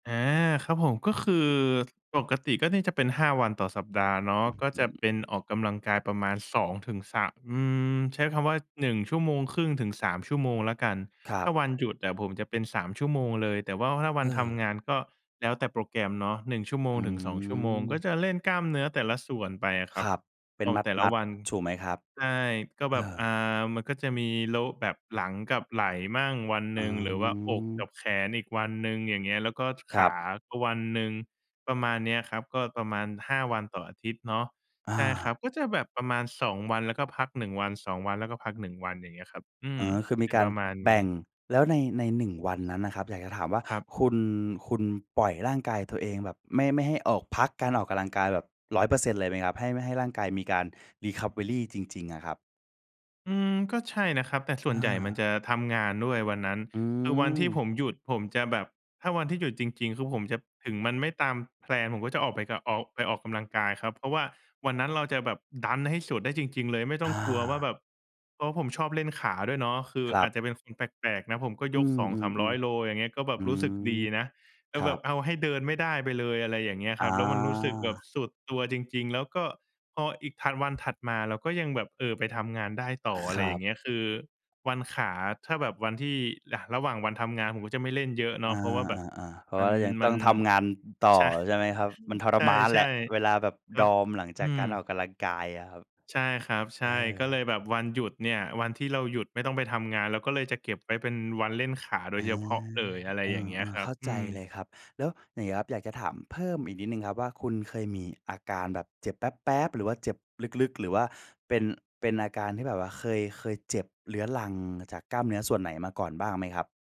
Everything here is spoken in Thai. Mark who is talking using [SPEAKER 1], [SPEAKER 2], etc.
[SPEAKER 1] อา ครับผม ก็คือปกติก็น่าจะเป็น 5 วันต่อสัปดาห์เนาะ
[SPEAKER 2] อื้อ
[SPEAKER 1] ก็
[SPEAKER 2] ฮ
[SPEAKER 1] จ
[SPEAKER 2] ื
[SPEAKER 1] ะเ
[SPEAKER 2] อ
[SPEAKER 1] ป็นออกกำลังกายประมาณ 2-3 อืม ใช้คำว่า 1 ชั่วโมงครึ่งถึง 3 ชั่วโมงแล้วกัน
[SPEAKER 2] ครั
[SPEAKER 1] ถ้
[SPEAKER 2] บ
[SPEAKER 1] าวันหยุดอะผมจะเป็น 3 ชั่วโมงเลย แต่ว่าถ้าว
[SPEAKER 2] เ
[SPEAKER 1] ันท
[SPEAKER 2] ออ
[SPEAKER 1] ำงาน ก็แล้วแต่โปรแกรมเนาะ 1 ชั่วโม
[SPEAKER 2] อ
[SPEAKER 1] ง
[SPEAKER 2] ื
[SPEAKER 1] ถึง 2 ชั่วโมง ก็
[SPEAKER 2] ม
[SPEAKER 1] จะเล่นกล้ามเนื้อแต่ละส่วนไปอะคร
[SPEAKER 2] ค
[SPEAKER 1] ับ
[SPEAKER 2] รับ เป็
[SPEAKER 1] อ
[SPEAKER 2] น
[SPEAKER 1] อกแต่ล
[SPEAKER 2] ม
[SPEAKER 1] ะ
[SPEAKER 2] ัด
[SPEAKER 1] วัน
[SPEAKER 2] ๆ ถูกไหมครับ?
[SPEAKER 1] ใช่ ก็
[SPEAKER 2] เ
[SPEAKER 1] แ
[SPEAKER 2] อ
[SPEAKER 1] บบ
[SPEAKER 2] อ
[SPEAKER 1] อ่า มันก็จะมีโละ แบบหลังกับไหล่บ้างวัน
[SPEAKER 2] อ
[SPEAKER 1] ห
[SPEAKER 2] ๋
[SPEAKER 1] นึ่ง หรือว่าอก
[SPEAKER 2] อ
[SPEAKER 1] กับแขนอีกวันหนึ่ง อย่างเงี้ย แล้วก็ ท
[SPEAKER 2] ค
[SPEAKER 1] ข
[SPEAKER 2] รับ
[SPEAKER 1] าก็วันหนึ่ง ประมาณเนี้ยครับ ก็ประมาณ 5 วันต่ออาทิตย์เนาะ
[SPEAKER 2] อ
[SPEAKER 1] ใช่ครั
[SPEAKER 2] า
[SPEAKER 1] บ ก็จะแบบประมาณ 2 วัน แล้วก็พัก 1 วัน 2 วัน แล้วก็พัก 1 วัน อย่างเงี้ยครับ อื
[SPEAKER 2] อ
[SPEAKER 1] ม
[SPEAKER 2] ๋อ คือม
[SPEAKER 1] เ
[SPEAKER 2] ี
[SPEAKER 1] ป็น
[SPEAKER 2] กา
[SPEAKER 1] ป
[SPEAKER 2] ร
[SPEAKER 1] ระมาณ
[SPEAKER 2] แบ
[SPEAKER 1] นี้
[SPEAKER 2] ่ง แล้วใน ใน 1 วันนั้นน่ะครับ อยากจะถามว่า
[SPEAKER 1] ครับ
[SPEAKER 2] คุณ คุณปล่อยร่างกายตัวเองแบบไม่ ไม่ให้ออก พักการออกกำลังกายแบบ 100% เลยไหมครับ? ให้ ไม่ให้ร่างกายมีการ recovery จริง ๆ อะครับ
[SPEAKER 1] อืม ก็ใช่นะครับ แต่ส่
[SPEAKER 2] อ
[SPEAKER 1] วนใหญ่มัน
[SPEAKER 2] า
[SPEAKER 1] จะทำงานด้วยวันนั้น
[SPEAKER 2] อื
[SPEAKER 1] คือวันที่ผ
[SPEAKER 2] ม
[SPEAKER 1] มหยุดผมจะแบบ ถ้าวันที่หยุดจริง ๆ คือผมจะ ถึงมันไม่ตามแพลน ผมก็จะออกไปกับ ออก ไปออกกำลังกายครับ เพราะว่าวันนั้นเราจะแบบดันให้สุดได้จริง ๆ เลย ไม่ต้
[SPEAKER 2] อ
[SPEAKER 1] องกลัวว่าแ
[SPEAKER 2] า
[SPEAKER 1] บบ เพราะผมชอบเล่นขาด้วยเนาะ คือ
[SPEAKER 2] ครั
[SPEAKER 1] อา
[SPEAKER 2] บ
[SPEAKER 1] จจะเป็นคนแปลก ๆ นะ ผมก็
[SPEAKER 2] อื
[SPEAKER 1] ยก สอง
[SPEAKER 2] ม
[SPEAKER 1] สามร้อยโล
[SPEAKER 2] ๆ
[SPEAKER 1] อย่างเงี้ย ก็แบ
[SPEAKER 2] ๆ อื
[SPEAKER 1] บรู้
[SPEAKER 2] ม
[SPEAKER 1] สึกดีนะ แล
[SPEAKER 2] ค
[SPEAKER 1] ้ว
[SPEAKER 2] ร
[SPEAKER 1] แ
[SPEAKER 2] ั
[SPEAKER 1] บบ
[SPEAKER 2] บ
[SPEAKER 1] เอาให้เดินไม่ได้ไปเลย อะไรอย่างเงี้ย
[SPEAKER 2] อ
[SPEAKER 1] ค
[SPEAKER 2] ๋
[SPEAKER 1] รับ แล้วมันรู้สึกแบบ
[SPEAKER 2] อ
[SPEAKER 1] สุดตัวจริง ๆ แล้วก็พออีกถัด วันถัดมาเราก็ยังแบบ เอ่อ ไปทำงานได้ต่อ อ
[SPEAKER 2] ค
[SPEAKER 1] ะไ
[SPEAKER 2] ร
[SPEAKER 1] รอ
[SPEAKER 2] ั
[SPEAKER 1] ย่า
[SPEAKER 2] บ
[SPEAKER 1] งเงี้ย คือวันขา ถ้าแบบวันที่ อะ ระหว่างวันทำงาน ผมก็จะไม่เล่นเยอะเน
[SPEAKER 2] อ
[SPEAKER 1] าะ
[SPEAKER 2] า
[SPEAKER 1] เพราะว่าแบบ
[SPEAKER 2] ๆ ๆ เพราะ
[SPEAKER 1] มั
[SPEAKER 2] ว่า
[SPEAKER 1] น
[SPEAKER 2] เรายัง
[SPEAKER 1] ม
[SPEAKER 2] ต
[SPEAKER 1] ั
[SPEAKER 2] ้อ
[SPEAKER 1] น
[SPEAKER 2] งทำงานต่
[SPEAKER 1] ช
[SPEAKER 2] อ
[SPEAKER 1] ะ
[SPEAKER 2] ใช่ไหมครับ? มันทร
[SPEAKER 1] ใช
[SPEAKER 2] มานแหละ
[SPEAKER 1] ่
[SPEAKER 2] เวลาแบบ
[SPEAKER 1] ๆ ค
[SPEAKER 2] ด
[SPEAKER 1] รั
[SPEAKER 2] อ
[SPEAKER 1] บ
[SPEAKER 2] มหลัง
[SPEAKER 1] อ
[SPEAKER 2] จาก
[SPEAKER 1] ื
[SPEAKER 2] การออ
[SPEAKER 1] ม
[SPEAKER 2] กกำลังกายอะครับ
[SPEAKER 1] ใช่ครับ ใ
[SPEAKER 2] เ
[SPEAKER 1] ช
[SPEAKER 2] อ
[SPEAKER 1] ่ ก็เล
[SPEAKER 2] อ
[SPEAKER 1] ยแบบวันหยุดเนี่ย วันที่เราหยุดไม่ต้องไปทำงาน เราก็เลยจะเก็บไว้เป็นวันเล่นขาโด
[SPEAKER 2] เออ
[SPEAKER 1] ยเฉพาะเลย อะไร
[SPEAKER 2] เอ
[SPEAKER 1] อย่างเงี้ย
[SPEAKER 2] อ
[SPEAKER 1] คร
[SPEAKER 2] ๆ
[SPEAKER 1] ั
[SPEAKER 2] เข
[SPEAKER 1] บ
[SPEAKER 2] ้า
[SPEAKER 1] อื
[SPEAKER 2] ใจ
[SPEAKER 1] ม
[SPEAKER 2] เลยครับ แล้วอย่างเงี้ยครับ อยากจะถามเพิ่มอีกนิดหนึ่งครับว่า คุณเคยมีอาการแบบเจ็บแปล๊บ ๆ หรือว่าเจ็บลึก ๆ หรือว่าเป็น เป็นอาการที่แบบว่าเคย เคยเจ็บเรื้อรังจากกล้ามเนื้อส่วนไหนมาก่อนบ้างไหมครับ?